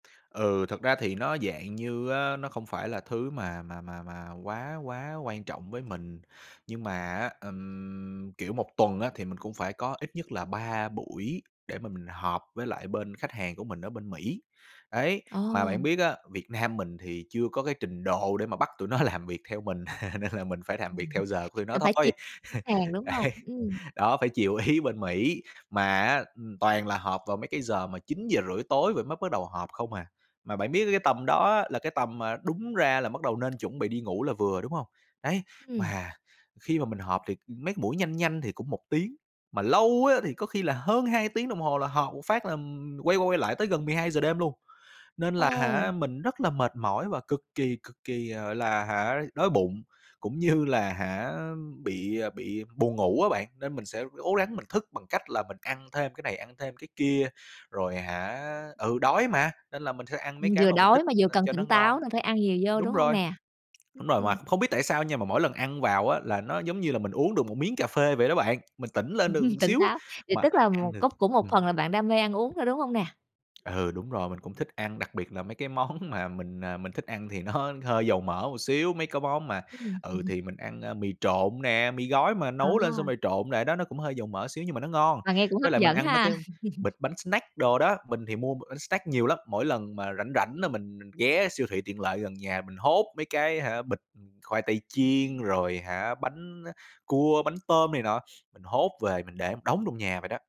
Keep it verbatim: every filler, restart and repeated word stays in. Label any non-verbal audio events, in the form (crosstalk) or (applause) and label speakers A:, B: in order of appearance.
A: Ừ, thực ra thì nó dạng như á nó không phải là thứ mà mà mà mà quá quá quan trọng với mình. Nhưng mà á, ừm, kiểu, một tuần á thì mình cũng phải có ít nhất là ba buổi để mà mình họp với lại bên khách hàng của mình ở bên Mỹ. Đấy. Mà bạn
B: Ồ!
A: biết á, Việt Nam mình thì chưa có cái trình độ để mà bắt tụi nó làm việc theo mình (chuckles) nên là mình phải làm
B: Ừm
A: việc
B: hứm.
A: theo giờ của tụi nó
B: Mình phải chi
A: thôi. (chuckles)
B: hàng, đúng hông?
A: Đấy.
B: Ừm.
A: Đó, phải chiều ý bên Mỹ. Mà á, ừm, toàn là họp vào mấy cái giờ mà chín giờ rưỡi tối vậy mới bắt đầu họp không à. Mà bạn biết á cái tầm đó á, là cái tầm mà đúng ra là bắt đầu nên chuẩn bị đi ngủ là vừa, đúng hông? Đấy,
B: Ừm.
A: mà khi mà mình họp thì, ừm, mấy cái buổi nhanh nhanh thì cũng một tiếng, mà lâu á thì có khi là hơn hai tiếng đồng hồ là họp một phát là, ừm, quay qua quay lại tới gần mười hai giờ đêm luôn. Nên là hả,
B: Ồ!
A: mình rất là mệt mỏi và cực kỳ, cực kỳ, à, gọi là hả đói bụng, cũng như là hả á, bị bị buồn ngủ á bạn, nên mình sẽ ố gắng mình thức bằng cách là mình ăn thêm cái này ăn thêm cái kia. Rồi hả ừ, đói mà, nên là mình sẽ ăn mấy
B: Ừm,
A: cái
B: vừa
A: mà mình
B: đói
A: thích,
B: mà
A: ưm,
B: vừa cần
A: cho nó
B: tỉnh táo
A: ngon.
B: nên phải ăn nhiều vô,
A: Đúng
B: đúng hông
A: rồi.
B: nè? Ưm,
A: Đúng rồi. Mà
B: ừm.
A: không biết tại sao nha, mà mỗi lần ăn vào á, là nó giống như là mình uống được một miếng cà phê vậy đó bạn, mình tỉnh lên được
B: Ừm,
A: một
B: tỉnh
A: xíu
B: táo. Vậy
A: mà
B: tức là
A: ăn
B: một
A: được
B: có cũng một
A: ừm.
B: phần là bạn đam mê ăn uống thôi, đúng hông nè?
A: Ừ, đúng rồi, mình cũng thích ăn, đặc biệt là mấy cái món mà mình, à, mình thích ăn thì nó hơi dầu mỡ một xíu. Mấy cái món mà
B: Ừm, ừm
A: ừ,
B: hưm.
A: thì mình ăn, ơ, mì trộn nè, mì gói mà nấu lên xong
B: À!
A: rồi trộn lại đó, nó cũng hơi dầu mỡ xíu nhưng mà nó ngon.
B: Mà nghe cũng
A: Với
B: hấp
A: lại mình
B: dẫn
A: ăn mấy
B: ha.
A: cái bịch
B: (chuckles)
A: bánh snack đồ đó, mình thì mua b bánh snack nhiều lắm, mỗi lần mà rảnh rảnh là mình mình ghé siêu thị tiện lợi gần nhà mình hốt mấy cái hả, bịch, khoai tây chiên rồi hả bánh á cua, bánh tôm này nọ. Mình hốt về mình để đống trong nhà vậy đó.